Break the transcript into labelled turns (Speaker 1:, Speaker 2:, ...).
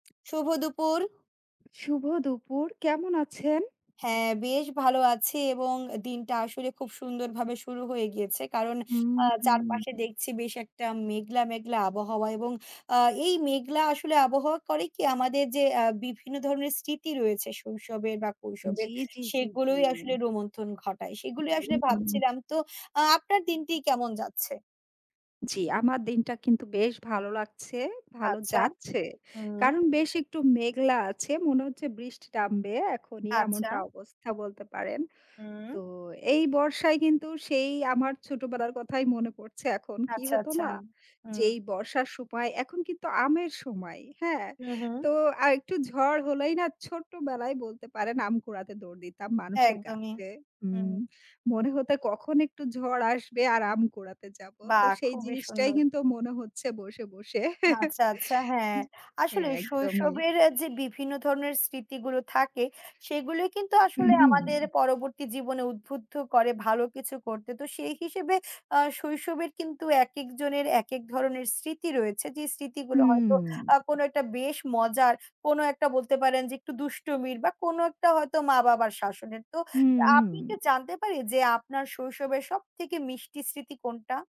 Speaker 1: শুভ দুপুর!
Speaker 2: শুভ দুপুর! কেমন আছেন?
Speaker 1: হ্যাঁ বেশ ভালো আছি এবং দিনটা আসলে খুব সুন্দরভাবে শুরু হয়ে গিয়েছে। কারণ আ
Speaker 2: হুম, হুম,
Speaker 1: চারপাশে
Speaker 2: হুম।
Speaker 1: দেখছি বেশ একটা মেঘলা, মেঘলা আবহাওয়া এবং আ এই মেঘলা আসলে আবহাওয়া করে কি? আমাদের যে অ্যা বিভিন্ন ধরনের স্মৃতি রয়েছে শৈশবের বা
Speaker 2: জি,
Speaker 1: কৈশোরের
Speaker 2: জি, জি, জি।
Speaker 1: সেগুলোই আসলে রোমন্থন ঘটায়। সেগুলোই
Speaker 2: হু,
Speaker 1: আসলে
Speaker 2: হু।
Speaker 1: ভাবছিলাম তো আ আপনার দিনটি কেমন যাচ্ছে?
Speaker 2: জি। আমার দিনটা কিন্তু বেশ ভালো লাগছে, ভালো
Speaker 1: আচ্ছা।
Speaker 2: যাচ্ছে।
Speaker 1: হুম।
Speaker 2: কারণ বেশ একটু মেঘলা আছে, মনে হচ্ছে বৃষ্টি টা নামবে এখনই
Speaker 1: আচ্ছা।
Speaker 2: এমনটা অবস্থা বলতে পারেন।
Speaker 1: হুম।
Speaker 2: তো এই বর্ষায় কিন্তু সেই আমার ছোটবেলার কথাই মনে পড়ছে এখন। কি
Speaker 1: আচ্ছা,
Speaker 2: হতো
Speaker 1: আচ্ছা।
Speaker 2: না?
Speaker 1: হু।
Speaker 2: যে এই বর্ষার সময় এখন কিন্তু আমের সময়, হ্যাঁ?
Speaker 1: হু,
Speaker 2: তো
Speaker 1: হু।
Speaker 2: আর একটু ঝড় হলেই না ছোট্ট বেলায় বলতে পারেন আম কুড়াতে দৌড় দিতাম মানুষের
Speaker 1: একদমই।
Speaker 2: গাছে
Speaker 1: হুম।
Speaker 2: উম মনে হত কখন একটু ঝড় আসবে আর আম কুড়াতে যাব। তো
Speaker 1: বাহ!
Speaker 2: সেই
Speaker 1: খুবই
Speaker 2: জিনিসটাই
Speaker 1: সুন্দর।
Speaker 2: কিন্তু মনে হচ্ছে বসে, বসে।
Speaker 1: আচ্ছা, আচ্ছা। হ্যাঁ।
Speaker 2: জি, হ্যাঁ
Speaker 1: আসলেই
Speaker 2: একদমই।
Speaker 1: শৈশবের এ যে বিভিন্ন ধরনের স্মৃতিগুলো থাকে, সেগুলোই কিন্তু
Speaker 2: হু,
Speaker 1: আসলে
Speaker 2: হু।
Speaker 1: আমাদের পরবর্তী জীবনে উদ্বুদ্ধ করে ভালো কিছু করতে। তো সেই হিসেবে আ শৈশবের কিন্তু একেকজনের একেক ধরনের স্মৃতি রয়েছে। যে স্মৃতিগুলো হয়তো
Speaker 2: হুম।
Speaker 1: আ কোনো একটা বেশ মজার, কোনো একটা বলতে পারেন যে একটু দুষ্টুমির বা কোনো একটা হয়তো মা বাবার শাসনের। তো
Speaker 2: হুম,
Speaker 1: আপনি কি
Speaker 2: হুম।
Speaker 1: জানতে পারি যে আপনার শৈশবের সবথেকে মিষ্টি স্মৃতি কোনটা?